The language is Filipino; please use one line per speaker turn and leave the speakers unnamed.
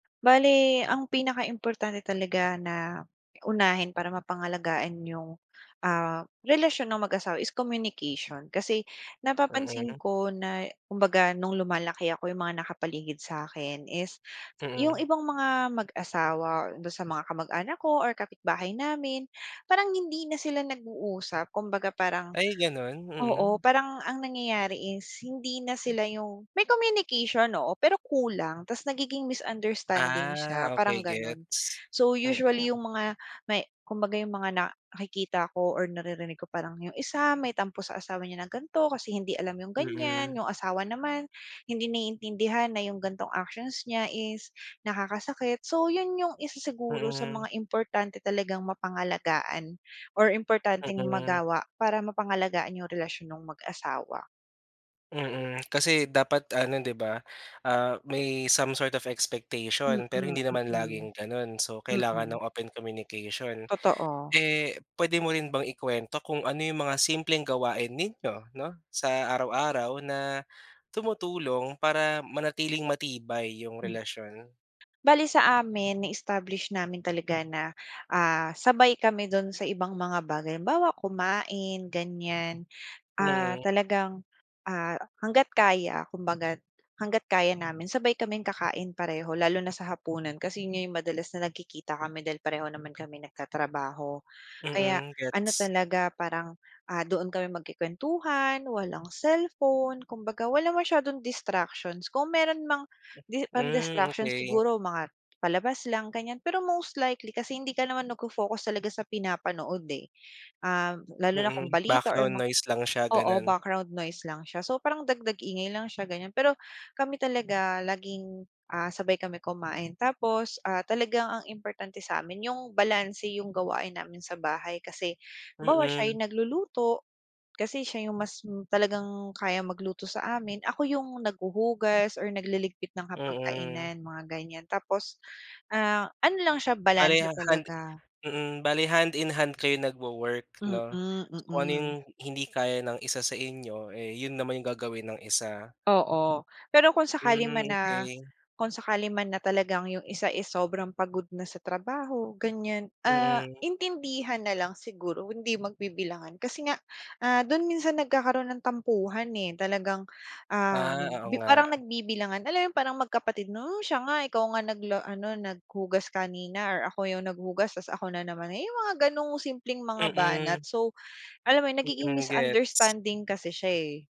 Bale ang pinaka importante talaga na unahin para mapangalagaan yung, ah, relasyon ng mag-asawa is communication, kasi napapansin
Mm.
ko na kumbaga no'ng lumalaki ako, yung mga nakapaligid sakin is, yung
Mm.
ibang mga mag-asawa, do'n sa mga kamag anak ko, or kapitbahay namin, parang hindi na sila nag-uusap. Kumbaga parang
Ay ganun?
oo,
Mm.
parang ang nangyayari is hindi na sila yung may communication, oo, pero kulang ta's nagiging misunderstanding siya,
Ah,
parang
okey,
ganun.
gets.
So usually
Mm.
yung mga may kumbaga yung mga nakikita ko or naririnig ko, parang yung isa may tampo sa asawa niya ng gan'to, kasi hindi alam yung ganyan,
Mm.
yung asawa naman hindi naiintindihan na yung ganitong actions niya is nakakasakit. So yun yung isa siguro sa
Mm.
mga importante talagang mapangalagaan, or importanteng
Mm.
magawa para mapangalagaan yung relasyon nong mag-asawa.
Mm, kasi dapat ano di ba? Ah, may some sort of
Mm,
expectation, pero
mm.
hindi naman laging ganun. So kailangan
Mm.
ng open communication.
Totoo.
Eh, pwede mo rin bang ikwento kung ano yung mga simpleng gawain ninyo 'no, sa araw-araw na tumutulong para manatiling matibay yung
Hmm.
relasyon?
Bale sa amin, na-establish namin talaga na, ah, sabay kami do'n sa ibang mga bagay, halimbawa kumain, ganyan. Ah,
Mm.
talagang, ah, hangga't kaya kumbaga hangga't kaya namin, sabay kaming kakain pareho lalo na sa hapunan kasi yun nga yung madalas na nagkikita kami dahil pareho naman kaming nagtatrabaho. Kaya
Mm,
ano
gets.
talaga, parang, ah, doon kami magku-kwentuhan, walang cellphone, kumbaga wala masyadong distractions. Kung meron mang di pang
Hmm,
distractions,
okey.
siguro mga palabas lang, ganyan pero most likely kasi hindi ka naman nagfo-focus talaga sa pinapanood, eh, ah, lalo na kung
Mm,
balita or
background
mga
noise lang siya,
oo,
ganun.
background noise lang siya. So parang dagdag ingay lang siya, ganyan. Pero kami talaga laging, ah, sabay kami kumain tapos, ah, talagang ang importante sa'min yung balanse yung gawain namin sa bahay, kasi halimbawa siya
Mm.
yung nagluluto, kasi siya yung mas talagang kayang magluto sa amin, ako yung naghuhugas or nagliligpit ng
Mm.
hapag-kainan, mga ganyan, tapos, ah, ano lang siya,
Bale
balanse
ha hand
talaga.
mm, bale hand-in-hand kayo nagwo-work
Mm,
'no? Kung ano yung
mm.
hindi kaya ng isa sa inyo, eh, yun naman yung gagawin ng isa.
Oo, pero kung sakali
Hmm,
man na
okey.
kung sakali man na talagang yung isa, eh, sobrang pagod na sa trabaho ganyan, ah,
Mm.
intindihan na lang siguro, hindi magbibilangan kasi nga, ah, do'n minsan nagkakaroon ng tampuhan, eh. Talagang, ah,
Ah, oo
nagbi parang
nga.
nagbibilangan. Alam mo yung parang magkapatid? 'No, siya nga, ikaw nga nagla ano, naghugas kanina or ako yung naghugas ta's ako na naman. Yung mga ganong simpleng mga banat.
Mm.
So alam mo yun, nagiging
Mm, gets.
misunderstanding kasi siya, eh.